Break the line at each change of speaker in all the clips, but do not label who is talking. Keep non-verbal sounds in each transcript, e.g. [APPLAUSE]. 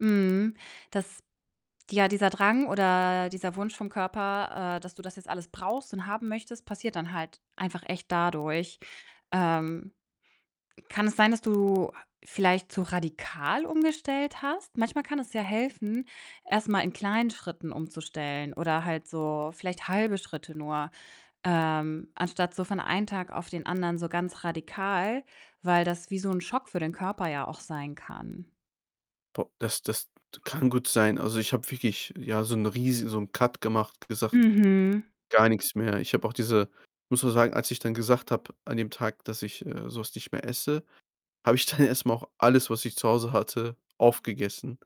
Mhm. Das ja, dieser Drang oder dieser Wunsch vom Körper, äh, dass du das jetzt alles brauchst und haben möchtest, passiert dann halt einfach echt dadurch. Ähm, kann es sein, dass du ha vielleicht zu radikal umgestellt hast? Manchmal kann es ja helfen, erst mal in kleinen Schritten umzustellen oder halt so vielleicht halbe Schritte nur, ähm, anstatt so von einen Tag auf den anderen so ganz radikal, weil das wie so 'n Schock für den Körper ja auch sein kann.
Boah, das das d kann gut sein. Also, ich habe wirklich, ja, so 'n riesi so 'n Cut gemacht, gesagt:
Mhm.
„Gar nix mehr.“ Ich habe auch diese muss auch sagen, als ich dann gesagt habe an dem Tag, dass ich, äh, so was nicht mehr esse, habe ich dann erst mal auch alles, was ich zu Hause hatte, aufgegessen,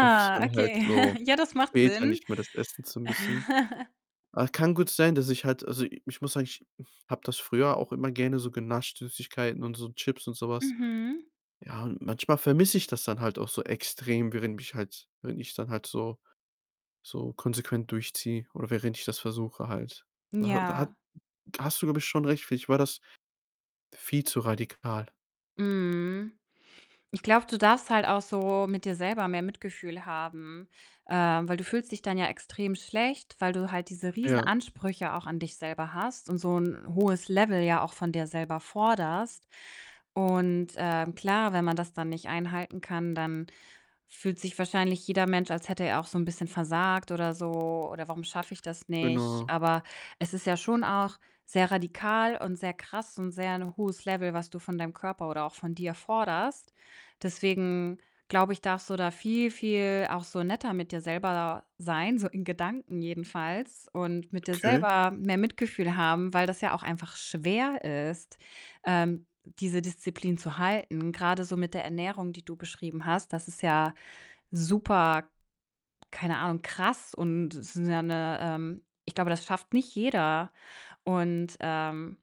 um's dann halt
okay.
so
[CHUCKLES] Ja, das macht
später
Sinn.
nicht mehr das essen zu müssen.
[CHUCKLES]
Ach, kann gut sein, dass ich halt also, ich muss sagen, ich habe das früher auch immer gerne so genascht, Süßigkeiten und so Chips und so was.
Mhm.
Ja, und manchmal vermisse ich das dann halt auch so extrem, während mich halt wenn ich dann halt so so konsequent durchziehe oder während ich das versuche halt. Da ha da hat
Ja.
da hast du, glaube ich, schon recht, vielleicht war das viel zu radikal.
Mhm. Ich glaube, du darfst halt auch so mit dir selber mehr Mitgefühl haben, ähm, weil du fühlst dich dann ja extrem schlecht, weil du halt diese
Ja.
Riesenansprüche auch an dich selber hast und so 'n hohes Level ja auch von dir selber forderst und, ähm, klar, wenn man das dann nicht einhalten kann, dann fühlt sich wahrscheinlich jeder Mensch, als hätte er auch so 'n bisschen versagt oder so, oder: „Warum schaffe ich das nicht?“
Genau.
Aber es ist ja schon auch sehr radikal und sehr krass und sehr 'n hohes Level, was du von deinem Körper oder auch von dir forderst. Deswegen glaube ich, darfst du da viel, viel auch so netter mit dir selber sein, so in Gedanken jedenfalls, und mit dir
Okay.
selber mehr Mitgefühl haben, weil das ja auch einfach schwer ist, ähm, diese Disziplin zu halten, grade so mit der Ernährung, die du beschrieben hast. Das ist ja super keine Ahnung, krass und es ist ja 'ne, ähm ich glaube, das schafft nicht jeder, und, ähm